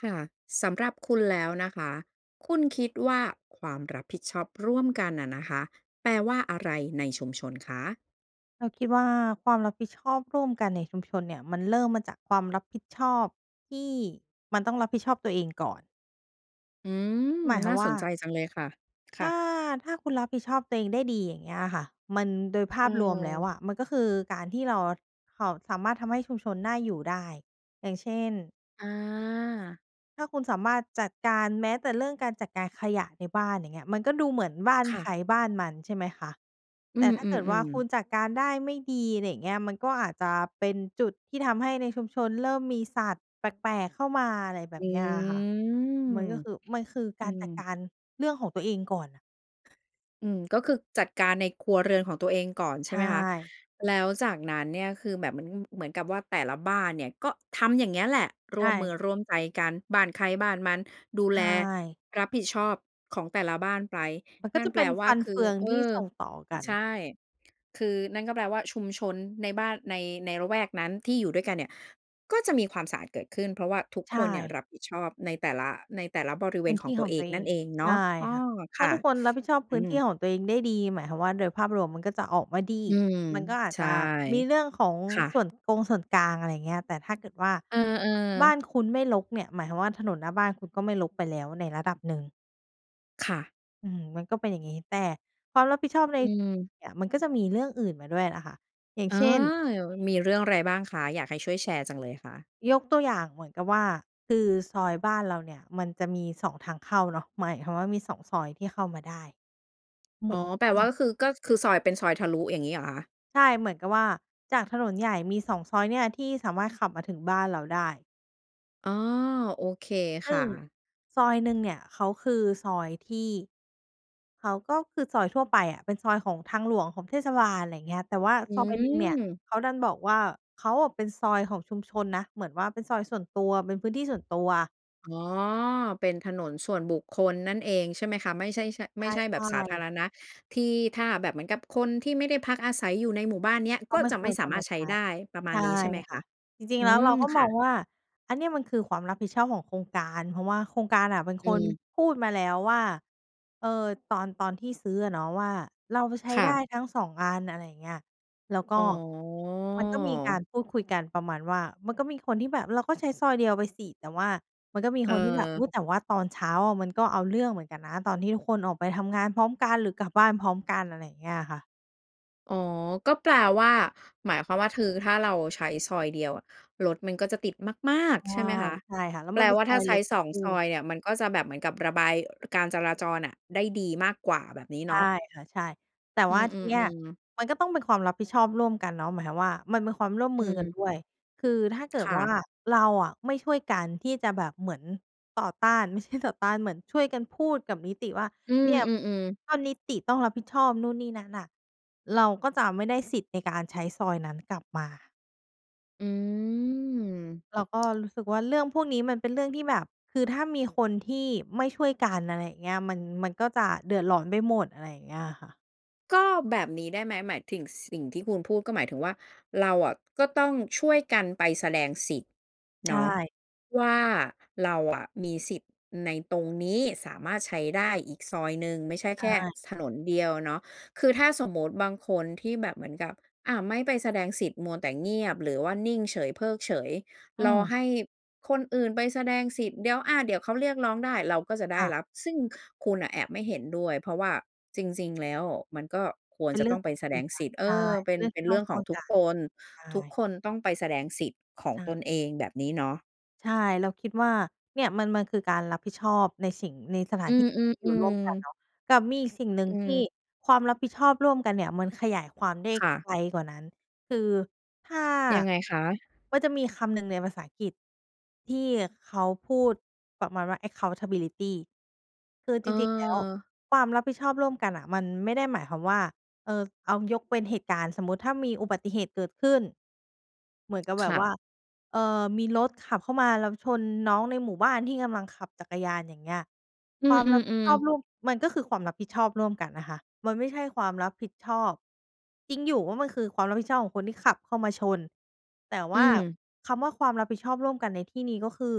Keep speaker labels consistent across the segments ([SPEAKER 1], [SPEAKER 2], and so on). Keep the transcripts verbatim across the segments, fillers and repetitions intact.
[SPEAKER 1] ค่ะ สำหรับคุณแล้วนะคะ คุณคิดว่าความรับผิดชอบร่วมกันอะนะคะ แปลว่าอะไรในชุมชนคะ?
[SPEAKER 2] เราคิดว่า ความรับผิดชอบร่วมกันในชุมชนเนี่ย มันเริ่มมาจากความรับผิดชอบที่มันต้องรับผิดชอบตัวเองก่อน
[SPEAKER 1] อืม
[SPEAKER 2] หมายค
[SPEAKER 1] น
[SPEAKER 2] ว
[SPEAKER 1] ่
[SPEAKER 2] า
[SPEAKER 1] า
[SPEAKER 2] มว
[SPEAKER 1] ส
[SPEAKER 2] ่า
[SPEAKER 1] นใจจังเลยค่ะ ค
[SPEAKER 2] ถ
[SPEAKER 1] ่
[SPEAKER 2] ้า
[SPEAKER 1] ะ
[SPEAKER 2] ถ้าคุณรับผิดชอบตัวเองได้ดี อย่างเงี้ยอะค่ะ มัน โดยภ
[SPEAKER 1] เ
[SPEAKER 2] าพรวมแล้ว
[SPEAKER 1] ออ
[SPEAKER 2] อะ มันก็คือการที่เราค่ะ สามารถทำให้ชุมชนน่าอยู่ได้ อย่างเช่น
[SPEAKER 1] อา
[SPEAKER 2] ถ้าคุณสามารถจัดการ แม้แต่เรื่องการจัดการขยะในบ้าน อย่างเงี้ย มันก็ดูเหมือนบ้าน
[SPEAKER 1] ค่
[SPEAKER 2] ใค
[SPEAKER 1] ะ
[SPEAKER 2] รบ้านมัน ใช่ไหมคะ
[SPEAKER 1] อื
[SPEAKER 2] แต่ถ้าเกิดว่า
[SPEAKER 1] ม
[SPEAKER 2] ค
[SPEAKER 1] ๆ ๆ
[SPEAKER 2] ุณจัดการได้ไม่ดี อะไรอย่างเงี้ย มันก็อาจจะเป็นจุดที่ทำให้ในชุมชนเริ่มมีสัตว์แปลก ๆ เข้ามา อะไรแบ
[SPEAKER 1] อื
[SPEAKER 2] บเนี้ยอะค่ะ มัน
[SPEAKER 1] ม
[SPEAKER 2] ก็คือ มันคือ
[SPEAKER 1] อ
[SPEAKER 2] ก
[SPEAKER 1] ื
[SPEAKER 2] ารจัดก
[SPEAKER 1] ม
[SPEAKER 2] ารเรื่องของตัวเองก่อนน่ะ
[SPEAKER 1] อืม ก็คือจัดการในครัวเรือนของตัวเองก่อน ใ
[SPEAKER 2] ใ
[SPEAKER 1] ช
[SPEAKER 2] ช
[SPEAKER 1] ่ไหมคะ
[SPEAKER 2] ่
[SPEAKER 1] แล้วจากนั้นเนี่ย คือแบบมันเหมือนกับว่าแต่ละบ้านเนี่ย ก็ทำอย่างเงี้ยแหละ
[SPEAKER 2] ใช
[SPEAKER 1] ร่วมมื
[SPEAKER 2] ่
[SPEAKER 1] อร่วมใจกัน บ้านใครบ้านมัน ดู
[SPEAKER 2] ใช
[SPEAKER 1] แล
[SPEAKER 2] ่
[SPEAKER 1] รับผิดชอบของแต่ละบ้านไป
[SPEAKER 2] มันก็
[SPEAKER 1] นั่
[SPEAKER 2] จ
[SPEAKER 1] น
[SPEAKER 2] ะ
[SPEAKER 1] แป
[SPEAKER 2] เป
[SPEAKER 1] ล
[SPEAKER 2] ็น
[SPEAKER 1] ว
[SPEAKER 2] ฟ
[SPEAKER 1] ่า
[SPEAKER 2] ัน
[SPEAKER 1] ค
[SPEAKER 2] เ
[SPEAKER 1] ื
[SPEAKER 2] ฟ
[SPEAKER 1] อ
[SPEAKER 2] ือง
[SPEAKER 1] เอ
[SPEAKER 2] ที่
[SPEAKER 1] อ
[SPEAKER 2] ส่งต่อกัน
[SPEAKER 1] ใช่ คือนั่นก็แปลว่าชุมชนในบ้าน ใน ในละแวกนั้นที่อยู่ด้วยกันเนี่ย ก็จะมีความสะอาดเกิดขึ้น เพราะว่าทุก
[SPEAKER 2] ใช
[SPEAKER 1] คนเนี่ย
[SPEAKER 2] ่
[SPEAKER 1] รับผิดชอบในแต่ละ ในแต่ละบริเว
[SPEAKER 2] พื
[SPEAKER 1] ณ
[SPEAKER 2] ้น
[SPEAKER 1] ข
[SPEAKER 2] ท
[SPEAKER 1] อ
[SPEAKER 2] ี
[SPEAKER 1] ง
[SPEAKER 2] ่
[SPEAKER 1] ตั
[SPEAKER 2] ขอ
[SPEAKER 1] ว
[SPEAKER 2] ง
[SPEAKER 1] เอ
[SPEAKER 2] ตั
[SPEAKER 1] ง
[SPEAKER 2] วเอ
[SPEAKER 1] นั่น
[SPEAKER 2] ง
[SPEAKER 1] เองเน
[SPEAKER 2] ใช
[SPEAKER 1] าะ
[SPEAKER 2] ่
[SPEAKER 1] อ้อ
[SPEAKER 2] ค่ะ ถ
[SPEAKER 1] ค
[SPEAKER 2] ้า
[SPEAKER 1] ่ะ
[SPEAKER 2] ทุกคนรับผิดชอบ
[SPEAKER 1] อ
[SPEAKER 2] พ
[SPEAKER 1] ื
[SPEAKER 2] ื้นที
[SPEAKER 1] ม
[SPEAKER 2] ่ของตัวเองได้ดี หมายความว่า โดยภาพรวมมันก็จะออกมาดี
[SPEAKER 1] อืม
[SPEAKER 2] มันก็อาจ
[SPEAKER 1] ใช่
[SPEAKER 2] จะมีเรื่องของ
[SPEAKER 1] ค่
[SPEAKER 2] ส
[SPEAKER 1] ะ
[SPEAKER 2] ่วนกงส่วนกลาง อะไรอย่างเงี้ย แต่ถ้าเกิดว่า
[SPEAKER 1] เออ
[SPEAKER 2] บ้
[SPEAKER 1] ๆ
[SPEAKER 2] านคุณไม่รกเนี่ย หมายถึงว่า ถนนหน้าบ้านคุณก็ไม่รกไปแล้วในระดับหนึ่ง
[SPEAKER 1] ค่ะ
[SPEAKER 2] อืม มันก็เป็นอย่างงี้ แต่ความรับผิดชอบ
[SPEAKER 1] อ
[SPEAKER 2] ใน
[SPEAKER 1] ืม
[SPEAKER 2] เนี่ย มันก็จะมีเรื่องอื่นมาด้วยน่ะค่ะ อย่าง
[SPEAKER 1] เออ
[SPEAKER 2] เช่น
[SPEAKER 1] เหยิ่ว มีเรื่องอะไรบ้างคะ? อยากให้ช่วยแชร์จังเลยค่ะ
[SPEAKER 2] ยกตัวอย่างเหมือนกับว่า คือซอยบ้านเราเนี่ยมันจะมี สอง ทางเข้าเนาะ หมายความว่า มี สอง ซอยที่เข้ามาได้ ม
[SPEAKER 1] อ๋
[SPEAKER 2] ุ
[SPEAKER 1] อ
[SPEAKER 2] ่ก
[SPEAKER 1] แปล
[SPEAKER 2] เอ
[SPEAKER 1] ว่
[SPEAKER 2] า
[SPEAKER 1] าก็คือ ก็คือซอยเป็นซอยทะลุ อย่างงี้เหรอคะ?
[SPEAKER 2] ใช่ เหมือนกับว่า จากถนนใหญ่มี สอง ซอยเนี่ยที่สามารถขับมาถึงบ้านเราได้
[SPEAKER 1] อ๋อ โอเค
[SPEAKER 2] ซ
[SPEAKER 1] ค
[SPEAKER 2] ึ่
[SPEAKER 1] ่
[SPEAKER 2] ง
[SPEAKER 1] ะ
[SPEAKER 2] ซอยหนึ่งเนี่ยเขาคือซอยที่ เขาก็คือซอยทั่วไปอะ เป็นซอยของทางหลวง ของเทศบาล ไรเงี้ย แต่ว่า
[SPEAKER 1] อื
[SPEAKER 2] ซอยหนึ่งเนี่ย
[SPEAKER 1] ม
[SPEAKER 2] เขาดันบอกว่า "เขาอะเป็นซอยของชุมชนนะ" เหมือนว่า เป็นซอยส่วนตัว เป็นพื้นที่ส่วนตัว
[SPEAKER 1] อ๋อ เป็นถนนส่วนบุคคลนั่นเองใช่ไหมคะ ไม่ใช่ ช่ะ
[SPEAKER 2] ใ
[SPEAKER 1] ไม่ใช่แบ
[SPEAKER 2] ช
[SPEAKER 1] บ
[SPEAKER 2] ่
[SPEAKER 1] สาธา
[SPEAKER 2] ๆ
[SPEAKER 1] รณะที่ถ้าแบบเหมือนกับคนที่ไม่ได้พักอาศัยอยู่ในหมู่บ้านเนี้ย
[SPEAKER 2] ก
[SPEAKER 1] ก
[SPEAKER 2] ็
[SPEAKER 1] ็
[SPEAKER 2] ไม่
[SPEAKER 1] จะ
[SPEAKER 2] ค
[SPEAKER 1] ไม่
[SPEAKER 2] วร
[SPEAKER 1] ส
[SPEAKER 2] จ
[SPEAKER 1] า
[SPEAKER 2] ะ
[SPEAKER 1] มา
[SPEAKER 2] ม
[SPEAKER 1] ร
[SPEAKER 2] า
[SPEAKER 1] ถใช
[SPEAKER 2] ใ
[SPEAKER 1] ้
[SPEAKER 2] ช้
[SPEAKER 1] ได้ ประม
[SPEAKER 2] ใ
[SPEAKER 1] า
[SPEAKER 2] ช
[SPEAKER 1] ณ
[SPEAKER 2] ่
[SPEAKER 1] นี้ใช่ไหม
[SPEAKER 2] ค
[SPEAKER 1] ค
[SPEAKER 2] ่ะ
[SPEAKER 1] ะ?
[SPEAKER 2] จริ
[SPEAKER 1] อ
[SPEAKER 2] ง
[SPEAKER 1] ื
[SPEAKER 2] ๆ แล้วเร
[SPEAKER 1] ม
[SPEAKER 2] าก็
[SPEAKER 1] ค
[SPEAKER 2] ม
[SPEAKER 1] ่
[SPEAKER 2] อง
[SPEAKER 1] ะ
[SPEAKER 2] ว่า อันเนี้ยมันคือความรับผิดชอบของโครงการ เพราะว่าโครงการน่ะเป็น
[SPEAKER 1] อ
[SPEAKER 2] คน
[SPEAKER 1] ืม
[SPEAKER 2] พูดมาแล้วว่า เอ่อ ตอน ตอนที่ซื้ออะเนาะว่า "เราใช้
[SPEAKER 1] ค่
[SPEAKER 2] ได้
[SPEAKER 1] ะ
[SPEAKER 2] ทั้ง สอง อัน" อะไรอย่างเงี้ย แล้วก
[SPEAKER 1] อ๋
[SPEAKER 2] ็ มันก็มีกา
[SPEAKER 1] อ
[SPEAKER 2] รพูดคุยกันประมาณว่า มันก็มีคนที่แบบ "เราก็ใช้ซอยเดียวไปสิ" แต่ว่ามันก็มีคนที่แบบ "อ
[SPEAKER 1] เ
[SPEAKER 2] ุ
[SPEAKER 1] ออ
[SPEAKER 2] ๊ย แต่ว่าตอนเช้าอะมันก็เอาเรื่องเหมือนกันนะ ตอนที่ทุกคนออกไปทำงานพร้อมกันหรือกลับบ้านพร้อมกัน" อะไรอย่างเงี้ยค่ะ
[SPEAKER 1] อ๋อ ก็แปลว่า หมายความว่า ทือ ถ้าเราใช้ซอยเดียวอะรถมันก็จะติด มาก
[SPEAKER 2] ใช่
[SPEAKER 1] ๆ ใช่ไหมคะ
[SPEAKER 2] ใช่ค่ะ แล้ว
[SPEAKER 1] แป
[SPEAKER 2] ม
[SPEAKER 1] ล
[SPEAKER 2] ันเป็น
[SPEAKER 1] ว่า
[SPEAKER 2] ซ
[SPEAKER 1] ถ
[SPEAKER 2] อ
[SPEAKER 1] ้า
[SPEAKER 2] ย
[SPEAKER 1] ใซ
[SPEAKER 2] เล
[SPEAKER 1] ้
[SPEAKER 2] ็ก
[SPEAKER 1] ส
[SPEAKER 2] ก็
[SPEAKER 1] อง
[SPEAKER 2] คือ
[SPEAKER 1] ซอยเนี่ยมันก็จะแบบเหมือนกับระบาย ร การจราจรน่ะได้ดีมากกว่า แบบนี้
[SPEAKER 2] ใ
[SPEAKER 1] เ
[SPEAKER 2] ช
[SPEAKER 1] น
[SPEAKER 2] ่
[SPEAKER 1] าะ
[SPEAKER 2] ค่ะ ใช่ แต่
[SPEAKER 1] อื
[SPEAKER 2] ว่าที่เนี้ย
[SPEAKER 1] อ ๆ ๆ
[SPEAKER 2] มันก็ต้องเป็นความรับผิดชอบร่วมกันเนาะ หมายความว่ามันเป็นความร่วม
[SPEAKER 1] อื
[SPEAKER 2] มือกัน
[SPEAKER 1] ม
[SPEAKER 2] ด้วย คือถ้าเกิ
[SPEAKER 1] ค
[SPEAKER 2] ด
[SPEAKER 1] ่
[SPEAKER 2] ว่
[SPEAKER 1] ะ
[SPEAKER 2] าเราอะไม่ช่วยกันที่จะแบบเหมือนต่อต้าน ไม่ใช่ ต่อต้าน เหมือนช่วยกันพูดกับนิติว่า
[SPEAKER 1] อื
[SPEAKER 2] "เ
[SPEAKER 1] ม
[SPEAKER 2] นี่ยบ
[SPEAKER 1] ๆ ๆ
[SPEAKER 2] ถ้านิติต้องรับผิดชอบนู่นนี่นั้นน่ะ เราก็จะไม่ได้สิทธิ์ในการใช้ซอยนั้นกลับมา"
[SPEAKER 1] อืม
[SPEAKER 2] เราก็รู้สึกว่า เรื่องพวกนี้มันเป็นเรื่องที่แบบ คือถ้ามีคนที่ไม่ช่วยกัน อะไรอย่างเงี้ย มัน มันก็จะเดือดร้อนไปหมด อะไรอย่างเงี้ยค่ะ
[SPEAKER 1] ก็แบบนี้ได้ไหม หมายทิ่ง ส สิ่งที่คุณพูดก็หมายถึงว่า เราอะก็ต้องช่วยกันไปแสดงสิทธิ์
[SPEAKER 2] ใช
[SPEAKER 1] เนาะ
[SPEAKER 2] ่
[SPEAKER 1] ว่าเราอะมีสิทธิ์ในตรงนี้ สามารถใช้ได้อีกซอยหนึ่ง ไม่ใช่
[SPEAKER 2] ใช
[SPEAKER 1] แค่
[SPEAKER 2] ่
[SPEAKER 1] ซ ถนนเดียวเนาะ คือถ้าสมมุติบางคนที่แบบเหมือนกับ อา ไม่ไปแสดงสิทธิ์มัวแต่เงียบ หรือว่านิ่งเฉยเพิกเฉย
[SPEAKER 2] อื
[SPEAKER 1] รอ
[SPEAKER 2] ม
[SPEAKER 1] ให้คนอื่นไปแสดงสิทธิ์ เดี๋ยว อา เดี๋ยวเขาเรียกร้องได้ เราก็จะได
[SPEAKER 2] ค
[SPEAKER 1] ้
[SPEAKER 2] ่ะ
[SPEAKER 1] รับ ซึ่งคุณน่ะแอบไม่เห็นด้วย เพราะว่าจริง ๆ แล้วมันก็ควร
[SPEAKER 2] เป็
[SPEAKER 1] จ
[SPEAKER 2] น
[SPEAKER 1] ะ
[SPEAKER 2] เรื
[SPEAKER 1] ต
[SPEAKER 2] ่
[SPEAKER 1] ้
[SPEAKER 2] อ
[SPEAKER 1] อ
[SPEAKER 2] ง
[SPEAKER 1] งไ
[SPEAKER 2] ข
[SPEAKER 1] ป
[SPEAKER 2] อง
[SPEAKER 1] แ
[SPEAKER 2] ค
[SPEAKER 1] ส
[SPEAKER 2] ุณ
[SPEAKER 1] ด
[SPEAKER 2] เหมื
[SPEAKER 1] ง
[SPEAKER 2] อนก
[SPEAKER 1] ส
[SPEAKER 2] ั
[SPEAKER 1] ิ
[SPEAKER 2] น
[SPEAKER 1] ทธิ์ เอ
[SPEAKER 2] ใช่
[SPEAKER 1] อ เป
[SPEAKER 2] เป
[SPEAKER 1] ็
[SPEAKER 2] ็น
[SPEAKER 1] น
[SPEAKER 2] เรื่อง
[SPEAKER 1] เป
[SPEAKER 2] ท
[SPEAKER 1] ็
[SPEAKER 2] ี
[SPEAKER 1] น
[SPEAKER 2] ่
[SPEAKER 1] เ
[SPEAKER 2] ต
[SPEAKER 1] ร
[SPEAKER 2] ้
[SPEAKER 1] ื
[SPEAKER 2] อ
[SPEAKER 1] ่
[SPEAKER 2] ง
[SPEAKER 1] อง
[SPEAKER 2] ช
[SPEAKER 1] ข
[SPEAKER 2] ่
[SPEAKER 1] อง
[SPEAKER 2] วย
[SPEAKER 1] ทุ
[SPEAKER 2] ก
[SPEAKER 1] ก
[SPEAKER 2] ัน
[SPEAKER 1] คน
[SPEAKER 2] ใช
[SPEAKER 1] ทุก
[SPEAKER 2] ่
[SPEAKER 1] คนต้องไปแสดงสิทธิ์ขอ
[SPEAKER 2] ใ
[SPEAKER 1] ง
[SPEAKER 2] ช่
[SPEAKER 1] ตนเอง แบบนี้เนาะ
[SPEAKER 2] ใช่ เราคิดว่า เนี่ยมัน มันคือการรับผิดชอบในสิ่ง ในสถ
[SPEAKER 1] อ
[SPEAKER 2] า
[SPEAKER 1] ื
[SPEAKER 2] นที่ อยู่ร่
[SPEAKER 1] ม
[SPEAKER 2] วมกัน
[SPEAKER 1] ๆ ๆ
[SPEAKER 2] เนาะ กับมีอีกสิ่งหนึ่
[SPEAKER 1] อ
[SPEAKER 2] ง
[SPEAKER 1] ื
[SPEAKER 2] ที่
[SPEAKER 1] ม
[SPEAKER 2] ความรับผิดชอบร่วมกันเนี่ยมันขยายความได้
[SPEAKER 1] ค่ะ
[SPEAKER 2] ไกลกว่านั้น คือถ้า
[SPEAKER 1] ยังไงคะ?
[SPEAKER 2] ก็จะมีคำหนึ่งในภาษาอังกฤษที่เขาพูดประมาณว่า accountability คือจริง ๆ แล้ว
[SPEAKER 1] เออ
[SPEAKER 2] ความรับผิดชอบร่วมกันน่ะมันไม่ได้หมายความว่า เออ เอายกเป็นเหตุการณ์สมมุติ ถ้ามีอุบัติเหตุเกิดขึ้นเหมือนกับแบ
[SPEAKER 1] ค
[SPEAKER 2] บ
[SPEAKER 1] ่
[SPEAKER 2] ว่
[SPEAKER 1] ะ
[SPEAKER 2] า เออ มีรถขับเข้ามาแล้วชนน้องในหมู่บ้านที่กำลังขับจักรยาน อย่างเงี้ย
[SPEAKER 1] อื
[SPEAKER 2] ความรับผิด
[SPEAKER 1] อ
[SPEAKER 2] ชอ
[SPEAKER 1] ๆ ๆ
[SPEAKER 2] บร่วม มันก็คือความรับผิดชอบร่วมกันนะคะ มันไม่ใช่ความรับผิดชอบ จริงอยู่ว่ามันคือความรับผิดชอบของคนที่ขับเข้ามาชน แต่ว
[SPEAKER 1] อื
[SPEAKER 2] ่า
[SPEAKER 1] ม
[SPEAKER 2] คำว่าความรับผิดชอบร่วมกันในที่นี้ ก็คือ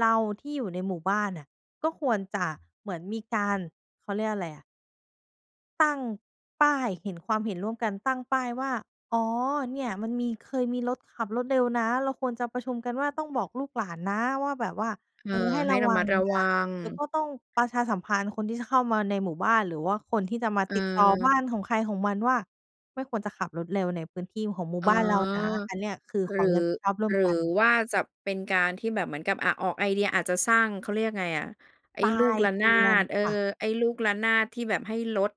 [SPEAKER 2] เราที่อยู่ในหมู่บ้านน่ะ ก็ควรจะเหมือนมีการ เขาเรียกอะไรอะ ตั้งป้ายเห็น ความเห็นร่วมกัน ตั้งป้ายว่า อ๋อ เนี่ยมันมี เคยมีรถขับรถเร็วนะ เราควรจะประชุมกันว่าต้องบอกลูกหลานนะว่าแบบว่า
[SPEAKER 1] เอ
[SPEAKER 2] เ
[SPEAKER 1] อ
[SPEAKER 2] ออ ให้
[SPEAKER 1] ให
[SPEAKER 2] ร
[SPEAKER 1] ้
[SPEAKER 2] ะ
[SPEAKER 1] ระ
[SPEAKER 2] วั
[SPEAKER 1] มั
[SPEAKER 2] ง
[SPEAKER 1] ดระ
[SPEAKER 2] น
[SPEAKER 1] วั
[SPEAKER 2] ะ
[SPEAKER 1] ง
[SPEAKER 2] แล้วก็ต้องประชาสัมพันธ์คนที่จะเข้ามาในหมู่บ้าน หรือว่าคนที่จะมา
[SPEAKER 1] เ
[SPEAKER 2] ติดต่อบ้
[SPEAKER 1] ออ
[SPEAKER 2] านของใครของมันว่า ไม่ควรจะขับรถเร็วในพื้นที่ของหมู่
[SPEAKER 1] อ๋อ
[SPEAKER 2] บ้านเรานะ อันเนี้ยคือ
[SPEAKER 1] หรื
[SPEAKER 2] ความร
[SPEAKER 1] อ
[SPEAKER 2] ับผิดชอบร่ว
[SPEAKER 1] ห
[SPEAKER 2] ม
[SPEAKER 1] รื
[SPEAKER 2] กั
[SPEAKER 1] อ
[SPEAKER 2] น
[SPEAKER 1] ว่าจะเป็นการที่แบบเหมือนกับ อา ออกไอเดียอาจจะสร้าง เขาเรียกยังไงอะ ไอ้
[SPEAKER 2] ปลา
[SPEAKER 1] ลูก
[SPEAKER 2] ย
[SPEAKER 1] ระ
[SPEAKER 2] เด
[SPEAKER 1] น
[SPEAKER 2] ื
[SPEAKER 1] า
[SPEAKER 2] อน
[SPEAKER 1] ด เออ
[SPEAKER 2] ค่ะ
[SPEAKER 1] ไอ้ลูกระนาดที่แบบให้ลด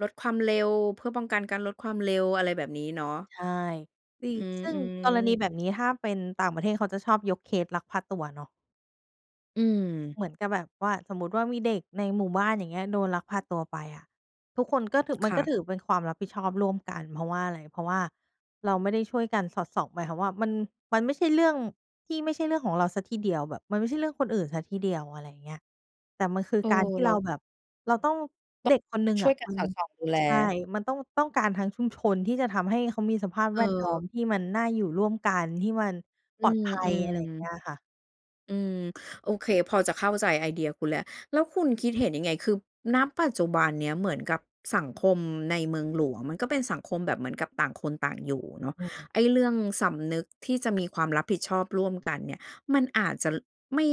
[SPEAKER 1] ลดความเร็วเพื่อป้องกันการลดความเร็ว อะไรแบบนี้เนาะ
[SPEAKER 2] ใช่ ตี
[SPEAKER 1] อื
[SPEAKER 2] ซึ่งกรณี
[SPEAKER 1] ม ๆ
[SPEAKER 2] แบบนี้ถ้าเป็นต่างประเทศเขาจะชอบยกเคสลักพาตัวเนาะ
[SPEAKER 1] อืม
[SPEAKER 2] เหมือนกับแบบว่า สมมุติว่า มีเด็กในหมู่บ้าน อย่างเงี้ย โดนลักพาตัวไปอะ ทุกคนก็ถึ มั
[SPEAKER 1] ค
[SPEAKER 2] น
[SPEAKER 1] ่
[SPEAKER 2] ก็
[SPEAKER 1] ะ
[SPEAKER 2] ถือเป็นความรับผิดชอบร่วมกัน เพราะว่าอะไร? เพราะว่าเราไม่ได้ช่วยกันสอดส่อง หมายความว่า มัน มันไม่ใช่เรื่องที่ไม่ใช่เรื่องของเราเสียทีเดียว แบบมันไม่ใช่เรื่องคนอื่นเสียทีเดียว อะไรอย่างเงี้ย แต่มันคือ
[SPEAKER 1] เออ
[SPEAKER 2] การที่
[SPEAKER 1] เร
[SPEAKER 2] เ
[SPEAKER 1] า
[SPEAKER 2] รา
[SPEAKER 1] ก
[SPEAKER 2] แบบเราต้อง
[SPEAKER 1] ต
[SPEAKER 2] เด็กคนหนึ่ง
[SPEAKER 1] ช่
[SPEAKER 2] อ
[SPEAKER 1] ว
[SPEAKER 2] ะ
[SPEAKER 1] ยกัน
[SPEAKER 2] มั
[SPEAKER 1] ส
[SPEAKER 2] น
[SPEAKER 1] อดส่องดูแล
[SPEAKER 2] ใช่ มันต้อง ต้องการทั้งชุมชนที่จะทำให้เขามีสภาพ
[SPEAKER 1] เ
[SPEAKER 2] แวดล้อ
[SPEAKER 1] ออ
[SPEAKER 2] มที่มันน่าอยู่ร่วมกัน ที่มัน
[SPEAKER 1] อ
[SPEAKER 2] ป
[SPEAKER 1] ื
[SPEAKER 2] ลอด
[SPEAKER 1] ม
[SPEAKER 2] ภัย อะไรอย่างเงี้ยค่ะ
[SPEAKER 1] ๆ อืม โอเค พอจะเข้าใจไอเดียคุณแล้ว แล้วคุณคิดเห็นยังไง? คือ ณ ปัจจุบันเนี้ยเหมือนกับสังคมในเมืองหลวงมันก็เป็นสังคมแบบเหมือนกับต่างคนต่างอยู่เนาะ
[SPEAKER 2] อืม
[SPEAKER 1] ไอ้เรื่องสำนึกที่จะมีความรับผิดชอบร่วมกันเนี่ย มันอาจจะ ล ไม่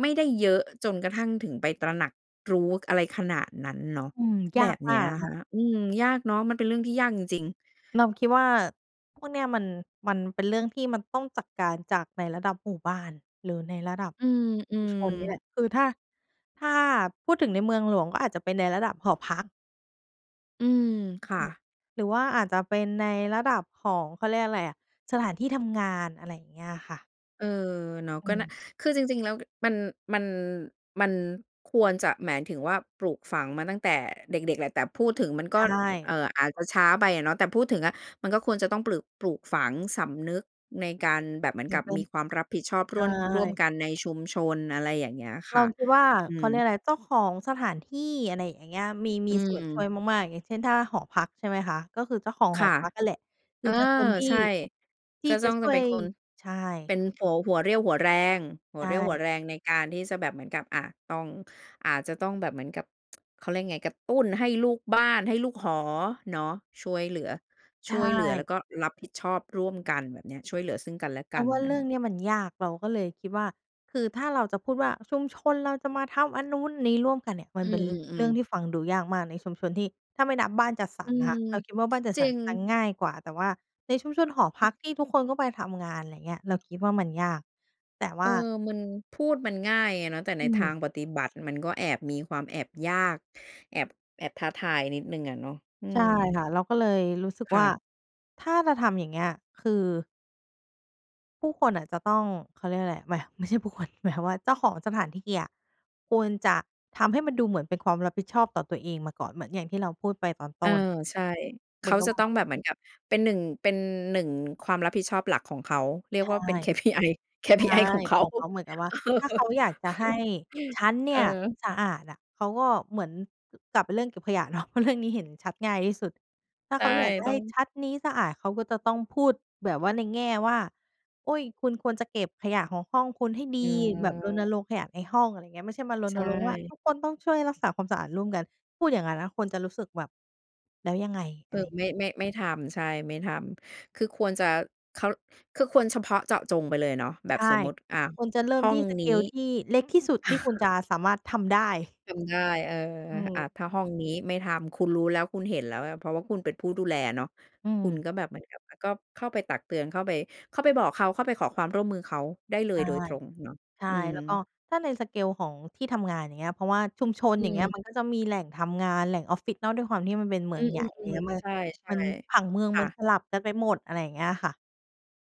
[SPEAKER 1] ไม่ได้เยอะ เอ่อ จนกระทั่งถึงไปตระหนักรู้ ก อะไรขนาดนั้นเนาะ
[SPEAKER 2] อืม ย
[SPEAKER 1] แบ
[SPEAKER 2] าก
[SPEAKER 1] บ
[SPEAKER 2] ม
[SPEAKER 1] เน
[SPEAKER 2] า
[SPEAKER 1] ี้ย
[SPEAKER 2] กอะ
[SPEAKER 1] อ
[SPEAKER 2] ค
[SPEAKER 1] ะ
[SPEAKER 2] ่
[SPEAKER 1] ค
[SPEAKER 2] ะ
[SPEAKER 1] ะ อืม ยากเนาะ มันเป็นเรื่องที่ยากจริง ๆ
[SPEAKER 2] เราคิดว่า พวกเนี้ยมัน มันเป็นเรื่องที่มันต้องจัดการจากในระดับหมู่บ้านหรือในระดับ
[SPEAKER 1] อื
[SPEAKER 2] ชุม
[SPEAKER 1] ม
[SPEAKER 2] ชนนี่แหล
[SPEAKER 1] ๆ
[SPEAKER 2] ะ คือถ้า ถ้าพูดถึงในเมืองหลวงก็อาจจะเป็นในระดับหอพัก
[SPEAKER 1] อืม ค
[SPEAKER 2] อ
[SPEAKER 1] ่
[SPEAKER 2] ือ
[SPEAKER 1] ะ
[SPEAKER 2] หรือว่าอาจจะเป็นในระดับของ เขาเรียกอะไรอะ สถานที่ทำงาน อะไรอย่างเงี้ยค่ะ
[SPEAKER 1] เออ เนาะ
[SPEAKER 2] อ
[SPEAKER 1] ก็
[SPEAKER 2] ื
[SPEAKER 1] น่า
[SPEAKER 2] ม
[SPEAKER 1] คือจริง ๆ แล้ว กึ มัน มัน มันควรจะ หมายถึงว่า ปลูกฝังมาตั้งแต่เด็ก ๆ แหละ แต่พูดถึงมันก
[SPEAKER 2] ใ
[SPEAKER 1] ็
[SPEAKER 2] ช
[SPEAKER 1] เอ
[SPEAKER 2] ่
[SPEAKER 1] ่อ อาจจะช้าไปอะเนาะ แต่พูดถึงอะมันก็ควรจะต้องปลึก ปลูกฝังสำนึกในการแบบเหมื
[SPEAKER 2] เ
[SPEAKER 1] อ
[SPEAKER 2] ห
[SPEAKER 1] น
[SPEAKER 2] มื
[SPEAKER 1] ก
[SPEAKER 2] อ
[SPEAKER 1] ั
[SPEAKER 2] น
[SPEAKER 1] บ
[SPEAKER 2] เป็
[SPEAKER 1] ม
[SPEAKER 2] น
[SPEAKER 1] ีความรับผิดชอบ
[SPEAKER 2] ใช
[SPEAKER 1] ร่วน ร่วม
[SPEAKER 2] ่
[SPEAKER 1] กันในชุมชน อะไรอย่างเงี้ยค
[SPEAKER 2] เร
[SPEAKER 1] ่
[SPEAKER 2] า
[SPEAKER 1] ะ
[SPEAKER 2] คิดว่า
[SPEAKER 1] อื
[SPEAKER 2] เขาเรีย
[SPEAKER 1] ม
[SPEAKER 2] กอะไร เจ้าของสถานที่ อะไรอย่างเงี้ย มี
[SPEAKER 1] อ
[SPEAKER 2] มี
[SPEAKER 1] ื
[SPEAKER 2] ส่วนช่วย
[SPEAKER 1] ม
[SPEAKER 2] มาก ๆ อย่างเช่น ถ้าหอพักใช่ไหมคะ ก็คือเจ้าของ
[SPEAKER 1] ค
[SPEAKER 2] หอ
[SPEAKER 1] ่ะ
[SPEAKER 2] พักนั่นแหละ ค
[SPEAKER 1] เ
[SPEAKER 2] ื
[SPEAKER 1] อ
[SPEAKER 2] อ
[SPEAKER 1] อ
[SPEAKER 2] จะคนที่
[SPEAKER 1] ใช่
[SPEAKER 2] ที
[SPEAKER 1] ก
[SPEAKER 2] ่
[SPEAKER 1] ็
[SPEAKER 2] จ
[SPEAKER 1] จ
[SPEAKER 2] ะ
[SPEAKER 1] ้อง
[SPEAKER 2] ช
[SPEAKER 1] จ
[SPEAKER 2] ่
[SPEAKER 1] ะ
[SPEAKER 2] ว
[SPEAKER 1] เป็
[SPEAKER 2] ย
[SPEAKER 1] นคน
[SPEAKER 2] ใช
[SPEAKER 1] เ
[SPEAKER 2] ่
[SPEAKER 1] ป็นหัว หัวเรี่ยวหัวแรง หั
[SPEAKER 2] ใช
[SPEAKER 1] วเรี่ยวหัว
[SPEAKER 2] ่
[SPEAKER 1] แรงในการที่จะแบบเหมือนกับ อ่า ต้อง อาจจะต้องแบบเหมือนกับ เขาเรียกยังไง กระตุ้นให้ลูกบ้าน ให้ลูกหอ เนาะ ช่วยเหลือ
[SPEAKER 2] ใช
[SPEAKER 1] ช่วยเหลือแล้
[SPEAKER 2] ่
[SPEAKER 1] วก็รับผิดชอบร่วมกัน แบบเนี้ย ช่วยเหลือซึ่งกันและ
[SPEAKER 2] เ
[SPEAKER 1] ก
[SPEAKER 2] รา
[SPEAKER 1] ัน
[SPEAKER 2] ว่า
[SPEAKER 1] อ
[SPEAKER 2] เร
[SPEAKER 1] ะ
[SPEAKER 2] ื่
[SPEAKER 1] ฮ
[SPEAKER 2] อง
[SPEAKER 1] ะ
[SPEAKER 2] เนี่ยมันยาก เราก็เลยคิดว่า คือถ้าเราจะพูดว่า ชุมชนเราจะมาทำอันนู้นนี้ ร่วมกันเนี่ย มั
[SPEAKER 1] อื
[SPEAKER 2] นเป็นเรื
[SPEAKER 1] ม
[SPEAKER 2] ่อง
[SPEAKER 1] ๆ ๆ
[SPEAKER 2] ที่ฟังดูยากมากในชุมชนที่ ถ้าไม่นับบ้านจัดส
[SPEAKER 1] อ
[SPEAKER 2] ร
[SPEAKER 1] ื
[SPEAKER 2] รน่ะ
[SPEAKER 1] ม
[SPEAKER 2] ค่ะ เราคิดว่า บ้า
[SPEAKER 1] ส
[SPEAKER 2] นจัด
[SPEAKER 1] จ
[SPEAKER 2] ส
[SPEAKER 1] ร
[SPEAKER 2] ร
[SPEAKER 1] ิ
[SPEAKER 2] ร
[SPEAKER 1] ง
[SPEAKER 2] จะง่ายกว่า แต่ว่าในชุมชนหอพ
[SPEAKER 1] เออ
[SPEAKER 2] ักที่ทุกคนก็ไปทำงาน ไรเงี้ย เราคิดว่า มันยาก แต่ว
[SPEAKER 1] เอ
[SPEAKER 2] ่
[SPEAKER 1] อ
[SPEAKER 2] า
[SPEAKER 1] มัน พูดมันง่ายอะเนาะ แต่ใ
[SPEAKER 2] อ
[SPEAKER 1] น
[SPEAKER 2] ื
[SPEAKER 1] ทา
[SPEAKER 2] ม
[SPEAKER 1] งปฏิบัติมันก็แอบ มีความแอบยาก แอบ แอบท้าทายนิดหนึ่งอะเนาะ อื
[SPEAKER 2] ใช่
[SPEAKER 1] ม
[SPEAKER 2] ค่ะ เราก็เลยรู้สึก
[SPEAKER 1] ค่
[SPEAKER 2] ว่า
[SPEAKER 1] ะ
[SPEAKER 2] ถ้าจะทำอย่างเงี้ย คือ ผู้คนน่ะจะต้อง เขาเรียกว่าอะไร ไม่ ไม่ใช่ผู้คน หมายความว่าเจ้าของสถานที่อะควรจะทำให้มันดูเหมือนเป็นความรับผิดชอบต่อตัวเองมาก่อน เหมือนอย่างที่เราพูดไปตอนต
[SPEAKER 1] เอ
[SPEAKER 2] ้
[SPEAKER 1] อ
[SPEAKER 2] น
[SPEAKER 1] ใช่ เ
[SPEAKER 2] เ
[SPEAKER 1] ข
[SPEAKER 2] หมือ
[SPEAKER 1] า
[SPEAKER 2] นกับ
[SPEAKER 1] จะ
[SPEAKER 2] ว่
[SPEAKER 1] ต้
[SPEAKER 2] า
[SPEAKER 1] องแบบเหมือนกับเป็น หนึ่ง เป็น หนึ่ง ความรับผิดชอบหลักของเขา เรีย
[SPEAKER 2] ใช
[SPEAKER 1] ก
[SPEAKER 2] ่
[SPEAKER 1] ว่าเป็น KPI
[SPEAKER 2] ใช่
[SPEAKER 1] KPI ของเข
[SPEAKER 2] ข
[SPEAKER 1] า
[SPEAKER 2] องเขาเหมือนกับว่า
[SPEAKER 1] เออ
[SPEAKER 2] ถ้าเขาอยากจะให้ฉันเน
[SPEAKER 1] เ
[SPEAKER 2] ี
[SPEAKER 1] อ
[SPEAKER 2] ่ย
[SPEAKER 1] อ
[SPEAKER 2] สะอาดอะ เขาก็เหมือน ก กลับไปเรื่องเก็บขยะ เนาะ เพราะเรื่องนี้ เห็นชัดง่ายที่สุด ถ้า
[SPEAKER 1] ใช
[SPEAKER 2] เข
[SPEAKER 1] ่
[SPEAKER 2] าอยากจะ
[SPEAKER 1] ต
[SPEAKER 2] ให
[SPEAKER 1] ้อ
[SPEAKER 2] ้
[SPEAKER 1] ง
[SPEAKER 2] ชัดนี้สะอาด เขาก็จะต้องพูดแบบว่า ในแง่ว่า อุ๊ย "คุณควรจะเก็บขยะของห้องคุณให้ดี"
[SPEAKER 1] อื
[SPEAKER 2] แบบรณ
[SPEAKER 1] อ
[SPEAKER 2] รงค์ขยะในห้อง อะไรอย่างเงี้ย ไม่ใช่มาร
[SPEAKER 1] ใช
[SPEAKER 2] ณรงค์ว่า
[SPEAKER 1] ่
[SPEAKER 2] ทุกคนต้องช่วยรักษาความสะอาดร่วมกัน พูดอย่างนั้นนะคนจะรู้สึกแบบ "แล้วยังไง?" อ
[SPEAKER 1] เอ
[SPEAKER 2] ะ
[SPEAKER 1] อ
[SPEAKER 2] ไร
[SPEAKER 1] ไม่ ไม่ ไม่ทำ ใช่ ไม่ทำ คือควรจะ เขา คือควรเฉพาะเจาะจงไปเลยเนาะ แบ
[SPEAKER 2] ใช
[SPEAKER 1] บส
[SPEAKER 2] ่
[SPEAKER 1] มมติ อา
[SPEAKER 2] ควรจะเริ
[SPEAKER 1] ห
[SPEAKER 2] ่ม
[SPEAKER 1] ้อ
[SPEAKER 2] ท
[SPEAKER 1] ง
[SPEAKER 2] ี่ ส
[SPEAKER 1] น
[SPEAKER 2] เ
[SPEAKER 1] ี
[SPEAKER 2] ก
[SPEAKER 1] ้
[SPEAKER 2] ล ที่เล็กที่สุดที่คุณจะสามารถทำได้
[SPEAKER 1] จำได้ เออ
[SPEAKER 2] อื
[SPEAKER 1] อ
[SPEAKER 2] ม
[SPEAKER 1] ะ ถ้าห้องนี้ไม่ทำ คุณรู้แล้ว คุณเห็นแล้ว ล เพราะว่าคุณเป็นผู้ดูแลเนาะ
[SPEAKER 2] อื
[SPEAKER 1] คุณ
[SPEAKER 2] ม
[SPEAKER 1] ก็แบบเหมือนกับ แล้วก็เข้าไปตักเตือน เข้าไป เข้าไปบอกเขา เข้าไปขอความร่วมมือเขาได้เล
[SPEAKER 2] ใช
[SPEAKER 1] ย
[SPEAKER 2] ่
[SPEAKER 1] โดยตรงเนาะ
[SPEAKER 2] ใช่
[SPEAKER 1] อืม
[SPEAKER 2] แล้วก็ถ้าใน สเกล ของที่ทำงาน อย่างเงี้ย เพราะว่าชุมชน
[SPEAKER 1] อื
[SPEAKER 2] อย่างเงี้ย
[SPEAKER 1] ม
[SPEAKER 2] มันก็จะมีแหล่งทำงาน แหล่งออฟฟิศเนาะ ด้วยความที่มันเป็นเม
[SPEAKER 1] อ
[SPEAKER 2] ื
[SPEAKER 1] ื
[SPEAKER 2] องใหญ่ อะไร
[SPEAKER 1] ม
[SPEAKER 2] เงี้ย
[SPEAKER 1] ๆ
[SPEAKER 2] เมื่
[SPEAKER 1] ๆ
[SPEAKER 2] อ
[SPEAKER 1] ใช่
[SPEAKER 2] มัน ผังเมือง
[SPEAKER 1] ๆ ค่
[SPEAKER 2] มั
[SPEAKER 1] ะ
[SPEAKER 2] นสลับกันไปหมด อะไรอย่างเงี้ยค่ะ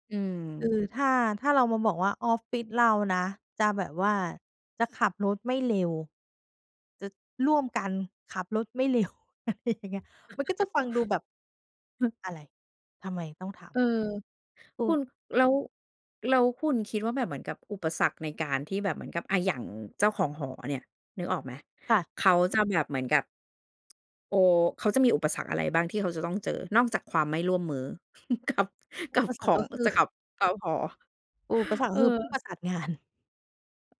[SPEAKER 1] อืม
[SPEAKER 2] คือ ถ้า ถ้าลองมาบอกว่าออฟฟิศเรานะ จะแบบว่า จะขับรถไม่เร็ว จะร่วมกันขับรถไม่เร็ว อะไรอย่างเงี้ย มันก็จะฟังดูแบบ
[SPEAKER 1] อือ
[SPEAKER 2] อะไร ทำไมต้องท
[SPEAKER 1] เออ
[SPEAKER 2] ำ อ
[SPEAKER 1] ค
[SPEAKER 2] ื
[SPEAKER 1] ุ
[SPEAKER 2] อ
[SPEAKER 1] ณ แล้ว แล้วคุณคิดว่าแบบเหมือนกับอุปสรรคในการที่แบบเหมือนกับ อ่า อย่างเจ้าของหอเนี่ย นึกออกไหม
[SPEAKER 2] ค่ะ
[SPEAKER 1] เขาจะแบบเหมือนกับ โอ้ เขาจะมีอุปสรรคอะไรบ้างที่เขาจะต้องเจอ? นอกจากความไม่ร่วมมือ กับ กั
[SPEAKER 2] อุ
[SPEAKER 1] บ
[SPEAKER 2] ป
[SPEAKER 1] ข
[SPEAKER 2] สรร
[SPEAKER 1] อ
[SPEAKER 2] ค ก็
[SPEAKER 1] ง
[SPEAKER 2] คือ
[SPEAKER 1] จะ กับชาวหอ
[SPEAKER 2] อุปสรรค
[SPEAKER 1] เ
[SPEAKER 2] ก
[SPEAKER 1] อ
[SPEAKER 2] ็
[SPEAKER 1] อ
[SPEAKER 2] คือผู้ประสานงาน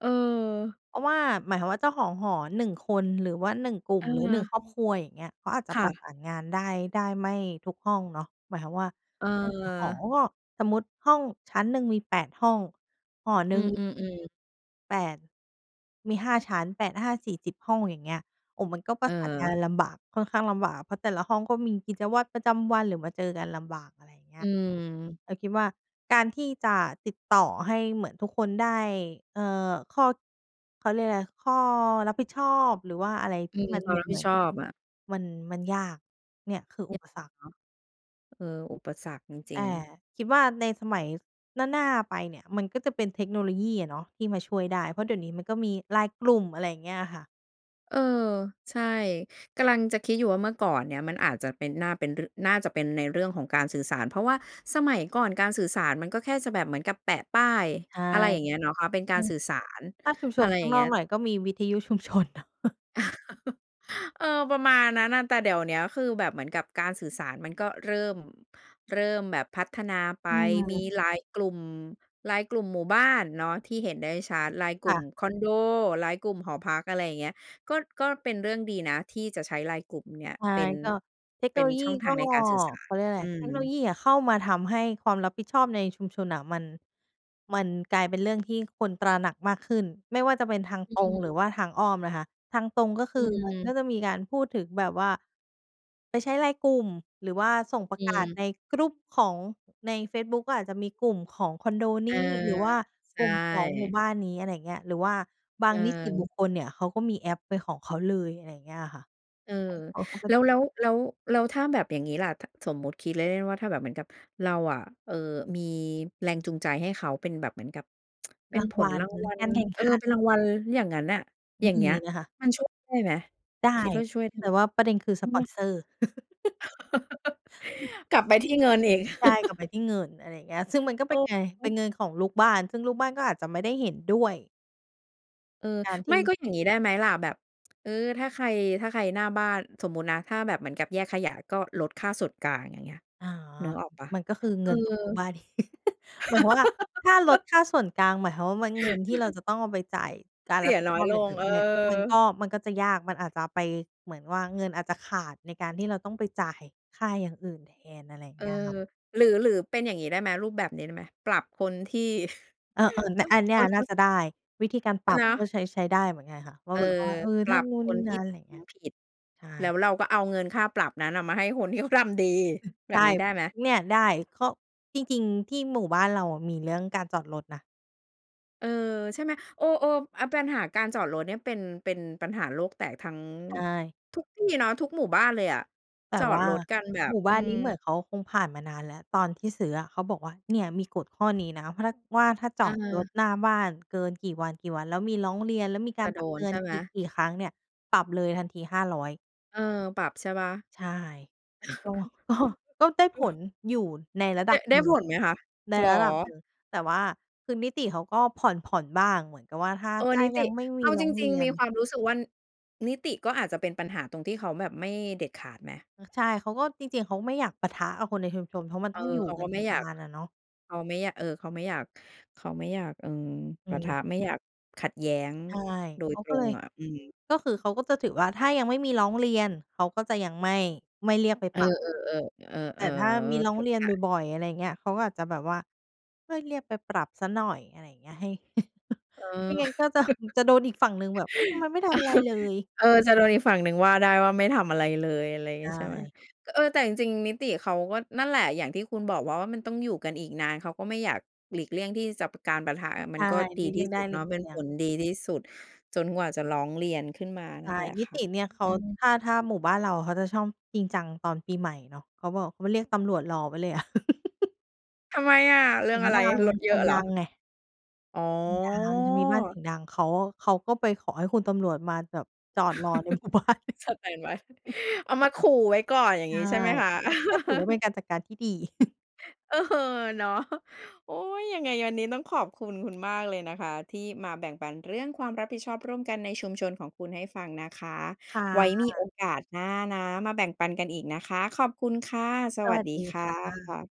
[SPEAKER 1] เออ
[SPEAKER 2] เพราะว่า หมายความว่าเจ้าของหอ หนึ่ง คน หรือว่า หนึ่ง กลุ่
[SPEAKER 1] เ
[SPEAKER 2] ม หรือ หนึ่ง
[SPEAKER 1] ออ
[SPEAKER 2] ครอบครัว อย่างเงี้ย เขาอาจจะ
[SPEAKER 1] ค่
[SPEAKER 2] ประ
[SPEAKER 1] ะ
[SPEAKER 2] สานงาน ได้ ได้ไม่ทุกห้องเนาะ หมายความว่า
[SPEAKER 1] เ
[SPEAKER 2] หนึ่ง หอ
[SPEAKER 1] ออ
[SPEAKER 2] ก็ สมมุติห้องชั้นหนึ่ง มี แปด ห้อง หอห
[SPEAKER 1] อ
[SPEAKER 2] น
[SPEAKER 1] ื
[SPEAKER 2] ึ่ง
[SPEAKER 1] ม ๆ ๆ
[SPEAKER 2] แปด มี ห้า ชั้น แปดห้าสี่สิบ ห้อง อย่างเงี้ย โอ้โฮ มันก็ปร
[SPEAKER 1] เ
[SPEAKER 2] ะสานงาน
[SPEAKER 1] ออ
[SPEAKER 2] ลำบาก ค่อนข้างลำบาก เพราะแต่ละห้องก็มีกิจวัตรประจำวัน หรือมาเจอกันลำบาก อะไรอย่างเงี้
[SPEAKER 1] อื
[SPEAKER 2] ย
[SPEAKER 1] ม
[SPEAKER 2] เราคิดว่าการที่จะติดต่อให้เหมือนทุกคนได้ เออ ข้อ เขาเรียกอะไร ข้อรับผิดชอบ หรือว่าอะไร
[SPEAKER 1] อ
[SPEAKER 2] ท
[SPEAKER 1] ื
[SPEAKER 2] ี่
[SPEAKER 1] ม
[SPEAKER 2] มัน
[SPEAKER 1] ควา
[SPEAKER 2] เห
[SPEAKER 1] ม
[SPEAKER 2] มื
[SPEAKER 1] ร
[SPEAKER 2] อ
[SPEAKER 1] ั
[SPEAKER 2] น
[SPEAKER 1] บ
[SPEAKER 2] เ
[SPEAKER 1] ผ
[SPEAKER 2] ห
[SPEAKER 1] ิ
[SPEAKER 2] ม
[SPEAKER 1] ด
[SPEAKER 2] ือน
[SPEAKER 1] ชอบอะ
[SPEAKER 2] มัน มันยาก เนี่ยคือ
[SPEAKER 1] เน
[SPEAKER 2] อ
[SPEAKER 1] ี
[SPEAKER 2] ุ
[SPEAKER 1] ่ย
[SPEAKER 2] ป
[SPEAKER 1] เน
[SPEAKER 2] สรรค
[SPEAKER 1] าะ เออ อุปสรรคจ
[SPEAKER 2] แ
[SPEAKER 1] ร
[SPEAKER 2] ต
[SPEAKER 1] ิง
[SPEAKER 2] ่
[SPEAKER 1] ๆ
[SPEAKER 2] คิดว่าในสมัยหน้า ๆ ไปเนี่ย มันก็จะเป็นเทคโนโลยีอะเนาะที่มาช่วยได้ เพราะเดี๋ยวนี้มันก็มี LINE กลุ่ม อะไรอย่างเงี้ยอะค่ะ
[SPEAKER 1] เออ ใช่ กำลังจะคิดอยู่ว่าเมื่อก่อนเนี่ยมันอาจจะเป็น น่าเป็น ร น่าจะเป็นในเรื่องของการสื่อสาร เพราะว่าสมัยก่อนการสื่อสารมันก็แค่จะแบบเหมือนกับแปะป้าย
[SPEAKER 2] ใช่
[SPEAKER 1] อะไรอย่างเงี้ยเนาะคะ เป็น
[SPEAKER 2] อ
[SPEAKER 1] ก
[SPEAKER 2] ื
[SPEAKER 1] าร
[SPEAKER 2] ม
[SPEAKER 1] สื่อสาร
[SPEAKER 2] ถ้าชุมช
[SPEAKER 1] อะ
[SPEAKER 2] ม
[SPEAKER 1] ไร
[SPEAKER 2] ข้
[SPEAKER 1] อย
[SPEAKER 2] า
[SPEAKER 1] ่
[SPEAKER 2] ง
[SPEAKER 1] างเ
[SPEAKER 2] น
[SPEAKER 1] ง
[SPEAKER 2] อ
[SPEAKER 1] ี้
[SPEAKER 2] ก
[SPEAKER 1] ย
[SPEAKER 2] หน่อยก็มีวิทยุ ชุมชนเนาะ
[SPEAKER 1] เออ ประมาณนั้นน่ะ แต่เดี๋ยวเนี้ยคือแบบเหมือนกับการสื่อสารมันก็เริ่ม เริ่มแบบพัฒนาไป
[SPEAKER 2] อื
[SPEAKER 1] มี
[SPEAKER 2] ม
[SPEAKER 1] ไลน์กลุ่ม ไลน์กลุ่มหมู่บ้านเนาะที่เห็นได้ชัด ไลน์ก
[SPEAKER 2] ค
[SPEAKER 1] ลุ
[SPEAKER 2] ่
[SPEAKER 1] ่ม
[SPEAKER 2] ะ
[SPEAKER 1] คอนโด ไลน์กลุ่มหอพัก อะไรอย่างเงี้ย ก็ ก็เป็นเรื่องดีนะที่จะใช้ไลน์กลุ่มเนี่ย
[SPEAKER 2] ใช่
[SPEAKER 1] เป็น
[SPEAKER 2] ก็ เทคโ
[SPEAKER 1] เ
[SPEAKER 2] น
[SPEAKER 1] ป็
[SPEAKER 2] โ
[SPEAKER 1] น
[SPEAKER 2] ลยี
[SPEAKER 1] ช่องท
[SPEAKER 2] ก
[SPEAKER 1] า
[SPEAKER 2] ็
[SPEAKER 1] งในการสื่อสา
[SPEAKER 2] เข
[SPEAKER 1] ร
[SPEAKER 2] าเรียกว่าอะไ
[SPEAKER 1] อ
[SPEAKER 2] ร
[SPEAKER 1] ื
[SPEAKER 2] เทคโนโล
[SPEAKER 1] ม
[SPEAKER 2] ยีอะเข้ามาทำให้ความรับผิดชอบในชุมชนน่ะมัน มันกลายเป็นเรื่องที่คนตระหนักมากขึ้น ไม่ว่าจะเป็นทาง
[SPEAKER 1] อ
[SPEAKER 2] ตรง หร
[SPEAKER 1] ือ
[SPEAKER 2] ือว่าทางอ้อมนะคะ ทางตรงก็
[SPEAKER 1] อ
[SPEAKER 2] คือมัน
[SPEAKER 1] ื
[SPEAKER 2] ก
[SPEAKER 1] ม
[SPEAKER 2] ็จะมีการพูดถึงแบบว่า ไปใช้ไลน์กลุ่ม หรือว่าส่งปร
[SPEAKER 1] อ
[SPEAKER 2] ะ
[SPEAKER 1] ื
[SPEAKER 2] กาศ
[SPEAKER 1] ม
[SPEAKER 2] ใน group ของ ในเฟซบุ๊กก็อาจจะมีกลุ่มของคอนโด
[SPEAKER 1] เ
[SPEAKER 2] น
[SPEAKER 1] อ
[SPEAKER 2] ี
[SPEAKER 1] อ
[SPEAKER 2] ้ หรือว่า
[SPEAKER 1] ใช
[SPEAKER 2] กลุ่มของหมู่
[SPEAKER 1] ่
[SPEAKER 2] บ้านนี้ อะไรอย่างเงี้ย หรือว่าบา
[SPEAKER 1] เ
[SPEAKER 2] งนิติบุ
[SPEAKER 1] ออ
[SPEAKER 2] คคลเนี่ย เขาก็มีแอปเป็นของเขาเลย อะไรอย่างเงี้ย อะค่ะ ให
[SPEAKER 1] เออ
[SPEAKER 2] ้เขาเข้าไป
[SPEAKER 1] แล้ว แล้ว แล้ว แล้วถ้าแบบอย่างนี้ละ ท สมมุติคิดเล่น ๆ ว่า ถ้าแบบเหมือนกับเราอะ เอ่อ มีแรงจูงใจให้เขาเป็นแบบเหมือนกับ เป็
[SPEAKER 2] รา
[SPEAKER 1] น
[SPEAKER 2] ง
[SPEAKER 1] ผ
[SPEAKER 2] ว
[SPEAKER 1] ล
[SPEAKER 2] ัล
[SPEAKER 1] รางวัล
[SPEAKER 2] การแข่ง
[SPEAKER 1] เอ
[SPEAKER 2] ข
[SPEAKER 1] อ
[SPEAKER 2] ัน
[SPEAKER 1] เป็นรางวัลอย่างนั้นนะ อย่า
[SPEAKER 2] ม
[SPEAKER 1] ง
[SPEAKER 2] ี
[SPEAKER 1] เงี้ย
[SPEAKER 2] นะคะ
[SPEAKER 1] มันช่วยได้ไหม?
[SPEAKER 2] ได
[SPEAKER 1] ค
[SPEAKER 2] ้
[SPEAKER 1] ิดว่าช่วยได้
[SPEAKER 2] แต
[SPEAKER 1] ไ
[SPEAKER 2] ่
[SPEAKER 1] หม?
[SPEAKER 2] ว่าประเด็นคือสปอนเซอร์ อือ
[SPEAKER 1] กลับไปที่เงินอีก
[SPEAKER 2] ใช่ กลับไปที่เงิน อะไรอย่างเงี้ย ซึ่งมันก็
[SPEAKER 1] เ
[SPEAKER 2] เ
[SPEAKER 1] อ
[SPEAKER 2] ป็น
[SPEAKER 1] อ
[SPEAKER 2] ไง?
[SPEAKER 1] อ
[SPEAKER 2] เ
[SPEAKER 1] ื
[SPEAKER 2] ป็
[SPEAKER 1] อ
[SPEAKER 2] นเงินของลูกบ้าน ซึ่งลูกบ้านก็อาจจะไม่ได้เห็นด้วย
[SPEAKER 1] เออ
[SPEAKER 2] การท
[SPEAKER 1] ไม
[SPEAKER 2] ี
[SPEAKER 1] ่
[SPEAKER 2] ่
[SPEAKER 1] ก็อย่างงี้ได้ไหมล่ะ? แบบ เออ ถ้าใคร ถ้าใครหน้าบ้าน สมมุตินะ ถ้าแบบเหมือนกับแยกขยะ ก็ลดค่าส่วนกลาง อย่างเงี้ย
[SPEAKER 2] อ๋อ
[SPEAKER 1] นึกออกเปล่า?
[SPEAKER 2] มันก็คือ
[SPEAKER 1] เอ
[SPEAKER 2] เง
[SPEAKER 1] อ
[SPEAKER 2] ินของลูกบ้าน หมายความว่า ถ้าลดค่าส่วนกลาง หมายความว่า มั้น เงินที่เราจะต้องเอาไปจ่ายการ
[SPEAKER 1] เส
[SPEAKER 2] ร
[SPEAKER 1] ี
[SPEAKER 2] ับ
[SPEAKER 1] ย
[SPEAKER 2] ผิด
[SPEAKER 1] น้
[SPEAKER 2] ช
[SPEAKER 1] อย
[SPEAKER 2] อบ
[SPEAKER 1] ล
[SPEAKER 2] อย่าง
[SPEAKER 1] ง
[SPEAKER 2] อื่น
[SPEAKER 1] เออ
[SPEAKER 2] ด้วย มันก็ มันก็จะยาก มันอาจจะไป เหมือนว่าเงินอาจจะขาดในการที่เราต้องไปจ่ายค่าอย่างอื่นแทน อะไรอย่า
[SPEAKER 1] เ
[SPEAKER 2] ง
[SPEAKER 1] อ
[SPEAKER 2] เง
[SPEAKER 1] อ
[SPEAKER 2] ี้ยค่ะ
[SPEAKER 1] หรือ หรือเป็นอย่างนี้ได้ไหม? รูปแบบนี้ได้ไหม? ปรับคนที่
[SPEAKER 2] เออ ๆ เนี่ย อันเนี้
[SPEAKER 1] ค
[SPEAKER 2] ยน่า
[SPEAKER 1] น
[SPEAKER 2] จะได้ วิธีการป
[SPEAKER 1] เอ
[SPEAKER 2] รั
[SPEAKER 1] อ
[SPEAKER 2] บ
[SPEAKER 1] เนาะ
[SPEAKER 2] ก็ใช้ ใช้ได้เหมือนกันค่ะ ว่
[SPEAKER 1] เ
[SPEAKER 2] า
[SPEAKER 1] ออ
[SPEAKER 2] แบบว่า เออ
[SPEAKER 1] ป
[SPEAKER 2] ถ
[SPEAKER 1] ร
[SPEAKER 2] ้า
[SPEAKER 1] ับ
[SPEAKER 2] นู่น
[SPEAKER 1] ค
[SPEAKER 2] นี
[SPEAKER 1] น
[SPEAKER 2] ่
[SPEAKER 1] ท
[SPEAKER 2] น
[SPEAKER 1] ี
[SPEAKER 2] ะ
[SPEAKER 1] ่
[SPEAKER 2] อะไร
[SPEAKER 1] ท
[SPEAKER 2] เงี้ย
[SPEAKER 1] ำผิด
[SPEAKER 2] ใช
[SPEAKER 1] แล้
[SPEAKER 2] ่
[SPEAKER 1] วเราก็เอาเงินค่าปรับนั้นน่ะมาให้คนที่เขาทำดี
[SPEAKER 2] อือ
[SPEAKER 1] แบ
[SPEAKER 2] ใช
[SPEAKER 1] บ
[SPEAKER 2] ่
[SPEAKER 1] นี้ได้ไหม?
[SPEAKER 2] เนี่ยได้ ข้อ จริง ๆ ที่หมู่บ้านเราอะมีเรื่องการจอดรถนะ
[SPEAKER 1] เออ ใช่ไหม เออ ๆ อา ปัญหาการจอดรถเนี่ยเป็น เป็นปัญหาโลกแตกทั้ง
[SPEAKER 2] ใช่
[SPEAKER 1] ทุกที่เนาะ ทุกหมู่บ้านเลยอะ
[SPEAKER 2] แต
[SPEAKER 1] จ
[SPEAKER 2] ่
[SPEAKER 1] อ
[SPEAKER 2] ว
[SPEAKER 1] ด
[SPEAKER 2] ่า
[SPEAKER 1] รถกันแบ
[SPEAKER 2] ห
[SPEAKER 1] บ
[SPEAKER 2] มู่บ
[SPEAKER 1] อื
[SPEAKER 2] ้าน
[SPEAKER 1] ม
[SPEAKER 2] นี้เหมือนเขาคงผ่านมานานแล้ว ตอนที่ซื้ออะเขาบอกว่า เนี่ยมีกฎข้อนี้นะ พลัด ว่าถ้าจอดรถ
[SPEAKER 1] เออ
[SPEAKER 2] หน้าบ้านเกินกี่วัน กี่วัน แล้วมีร้องเรียน แล้วมีก
[SPEAKER 1] จ
[SPEAKER 2] า
[SPEAKER 1] ะ
[SPEAKER 2] ร
[SPEAKER 1] โ
[SPEAKER 2] ป
[SPEAKER 1] ด
[SPEAKER 2] รับเต
[SPEAKER 1] น
[SPEAKER 2] ื
[SPEAKER 1] ใ
[SPEAKER 2] อ
[SPEAKER 1] ช
[SPEAKER 2] น
[SPEAKER 1] ่ไหม?
[SPEAKER 2] อีกกี่ครั้งเนี่ย ปรับเลยทันที ห้าร้อย
[SPEAKER 1] เออ ปรับใช่เปล่า?
[SPEAKER 2] ใช่ ก็ ก็ ก็ได้ผล
[SPEAKER 1] เออ
[SPEAKER 2] อยู่ในระด
[SPEAKER 1] ไ
[SPEAKER 2] ั
[SPEAKER 1] ด้
[SPEAKER 2] บ
[SPEAKER 1] ได
[SPEAKER 2] ห
[SPEAKER 1] ้
[SPEAKER 2] นึ่ง
[SPEAKER 1] ผลไหมคะ?
[SPEAKER 2] ใน
[SPEAKER 1] เหรอ?
[SPEAKER 2] ระดับหนึ่ง แต่ว่าคือนิติเขาก็ผ่อน ๆ บ้างเหมือนกับว่า ถ้า
[SPEAKER 1] เอ
[SPEAKER 2] ถ
[SPEAKER 1] อ
[SPEAKER 2] ้า
[SPEAKER 1] นิ
[SPEAKER 2] ย
[SPEAKER 1] ต
[SPEAKER 2] ั
[SPEAKER 1] ิ
[SPEAKER 2] งไม่ม
[SPEAKER 1] เ
[SPEAKER 2] ี
[SPEAKER 1] อา
[SPEAKER 2] ร้
[SPEAKER 1] จ
[SPEAKER 2] องเ
[SPEAKER 1] ร
[SPEAKER 2] ร
[SPEAKER 1] ิ
[SPEAKER 2] ี
[SPEAKER 1] ง
[SPEAKER 2] ย
[SPEAKER 1] ๆ มี
[SPEAKER 2] น
[SPEAKER 1] ความรู้สึกว่า นิติก็อาจจะเป็นปัญหาตรงที่เขาแบบไม่เด็ดขาดไหม?
[SPEAKER 2] ใช่ เขาก็ จริง ๆ เขาก็ไม่อยากปะทะกับคนในชุมชม เพราะมัน
[SPEAKER 1] เอ
[SPEAKER 2] ต
[SPEAKER 1] อ
[SPEAKER 2] ้องอยู่
[SPEAKER 1] เขา
[SPEAKER 2] กั
[SPEAKER 1] ก็
[SPEAKER 2] นอ
[SPEAKER 1] ไ
[SPEAKER 2] ี
[SPEAKER 1] ม่
[SPEAKER 2] ก
[SPEAKER 1] อ
[SPEAKER 2] น
[SPEAKER 1] ย
[SPEAKER 2] า
[SPEAKER 1] าก
[SPEAKER 2] นอะเนาะ
[SPEAKER 1] เขาไม่อยาก เออ เขาไม่อยาก เขาไม่อยาก อืม
[SPEAKER 2] อื
[SPEAKER 1] ปะทะ
[SPEAKER 2] ม
[SPEAKER 1] ไม่อยากขัดแย้ง
[SPEAKER 2] ใช่
[SPEAKER 1] โด
[SPEAKER 2] เข
[SPEAKER 1] ย
[SPEAKER 2] า
[SPEAKER 1] ต
[SPEAKER 2] ก
[SPEAKER 1] ร
[SPEAKER 2] ็เล
[SPEAKER 1] ง
[SPEAKER 2] ย
[SPEAKER 1] อะ อืม
[SPEAKER 2] ก็คือเขาก็จะถือว่า ถ้ายังไม่มีร้องเรียน เขาก็จะยังไม่ ไม่เรียกไป
[SPEAKER 1] เอ
[SPEAKER 2] ป
[SPEAKER 1] อ
[SPEAKER 2] รับ
[SPEAKER 1] ๆ ๆ เอ
[SPEAKER 2] แต
[SPEAKER 1] อ
[SPEAKER 2] ่ถ้ามีร
[SPEAKER 1] ๆ
[SPEAKER 2] ้
[SPEAKER 1] เ
[SPEAKER 2] อ
[SPEAKER 1] ข
[SPEAKER 2] ง
[SPEAKER 1] ้า
[SPEAKER 2] เรี
[SPEAKER 1] ใ
[SPEAKER 2] ยน
[SPEAKER 1] จ
[SPEAKER 2] บ่อย ๆ อะไรอย่างเงี้ย เขาก็อาจจะแบบว่า เฮ้ย เรียกไปปรับเสียหน่อย อะไรอย่างเงี้ย ให้
[SPEAKER 1] เอ
[SPEAKER 2] ไม
[SPEAKER 1] อ
[SPEAKER 2] ่งั้นก็จะ จะโดนอีกฝั่งหนึ่งแบบ เฮ้ย ทำไมไม่ทำอะไรเลย
[SPEAKER 1] เออ เออ จะโดนอีกฝั่งหนึ่งว่าได้ว่าไม่ทำอะไรเลย อะไรอย่า
[SPEAKER 2] ใ
[SPEAKER 1] ง
[SPEAKER 2] ช
[SPEAKER 1] เงี้ย ใช่ไหม
[SPEAKER 2] ่
[SPEAKER 1] เออ แต่จริง ๆ นิติเขาก็นั่นแหละ อย่างที่คุณบอกว่า ว่ามันต้องอยู่กันอีกนาน เขาก็ไม่อยาก หลีกเลี่ยงที่จะ การปะทะ
[SPEAKER 2] ใ
[SPEAKER 1] ม
[SPEAKER 2] ช
[SPEAKER 1] ัน
[SPEAKER 2] ่
[SPEAKER 1] ก็ด
[SPEAKER 2] ห
[SPEAKER 1] ี
[SPEAKER 2] ลีกเ
[SPEAKER 1] ท
[SPEAKER 2] ลี
[SPEAKER 1] ี
[SPEAKER 2] ่
[SPEAKER 1] ่
[SPEAKER 2] ยง
[SPEAKER 1] ส
[SPEAKER 2] ได
[SPEAKER 1] ุ
[SPEAKER 2] ้
[SPEAKER 1] ด
[SPEAKER 2] หล
[SPEAKER 1] เน
[SPEAKER 2] ี
[SPEAKER 1] าะ
[SPEAKER 2] ก
[SPEAKER 1] เป
[SPEAKER 2] เ
[SPEAKER 1] ็
[SPEAKER 2] ล
[SPEAKER 1] น
[SPEAKER 2] ี่ย
[SPEAKER 1] ผ
[SPEAKER 2] ง
[SPEAKER 1] ลดีที่สุด จนกว่าจะร้องเรียนขึ้นมา
[SPEAKER 2] ใช
[SPEAKER 1] นั
[SPEAKER 2] ่
[SPEAKER 1] ่นแหละ
[SPEAKER 2] นิ
[SPEAKER 1] ค่
[SPEAKER 2] ต
[SPEAKER 1] ะ
[SPEAKER 2] ิเนี่ยเขา
[SPEAKER 1] อืม
[SPEAKER 2] ถ้า ถ้าหมู่บ้านเราเขาจะชอบจริงจังตอนปีใหม่เนาะ เขาบอกเขาเรียกตำรวจรอไว้เลยอะ
[SPEAKER 1] ทำไมอะ? เรื
[SPEAKER 2] เ
[SPEAKER 1] ่
[SPEAKER 2] สี
[SPEAKER 1] อ
[SPEAKER 2] ย
[SPEAKER 1] ง
[SPEAKER 2] ง
[SPEAKER 1] อะไ
[SPEAKER 2] ด
[SPEAKER 1] ร
[SPEAKER 2] ัง
[SPEAKER 1] รถเ
[SPEAKER 2] เ
[SPEAKER 1] ย
[SPEAKER 2] ส
[SPEAKER 1] อ
[SPEAKER 2] ีย
[SPEAKER 1] ะ
[SPEAKER 2] ง
[SPEAKER 1] เหร
[SPEAKER 2] ด
[SPEAKER 1] อ?
[SPEAKER 2] ังไง
[SPEAKER 1] อ๋
[SPEAKER 2] เสียงดัง มันจะมีบ้านส
[SPEAKER 1] อ!
[SPEAKER 2] ียงดัง เขา เขาก็ไปขอให้คุณตำรวจมาแบบจอดรอใน หมู่บ้าน
[SPEAKER 1] สแตนด์บาย เอามาขู่ไว้ก่อน อย่า
[SPEAKER 2] ใช
[SPEAKER 1] งง
[SPEAKER 2] ่
[SPEAKER 1] ี้ ใช่ไหมคะ
[SPEAKER 2] ก็ ก็ถือว่าเป็นการจัดการที่ดี
[SPEAKER 1] เออ เนาะ โอ๊ย ยังไงวันนี้ต้องขอบคุณคุณมากเลยนะคะ ที่มาแบ่งปันเรื่องความรับผิดชอบร่วมกันในชุมชนของคุณให้ฟังนะคะ
[SPEAKER 2] ค่
[SPEAKER 1] ไว้มี
[SPEAKER 2] ะ
[SPEAKER 1] โอกาสหน้านะมาแบ่งปันกันอีกนะคะ ขอบคุณค่ะ ส
[SPEAKER 2] ส
[SPEAKER 1] วั
[SPEAKER 2] ว
[SPEAKER 1] ส
[SPEAKER 2] ัส
[SPEAKER 1] ดี
[SPEAKER 2] ดี
[SPEAKER 1] ค่
[SPEAKER 2] ค่ะ
[SPEAKER 1] ะ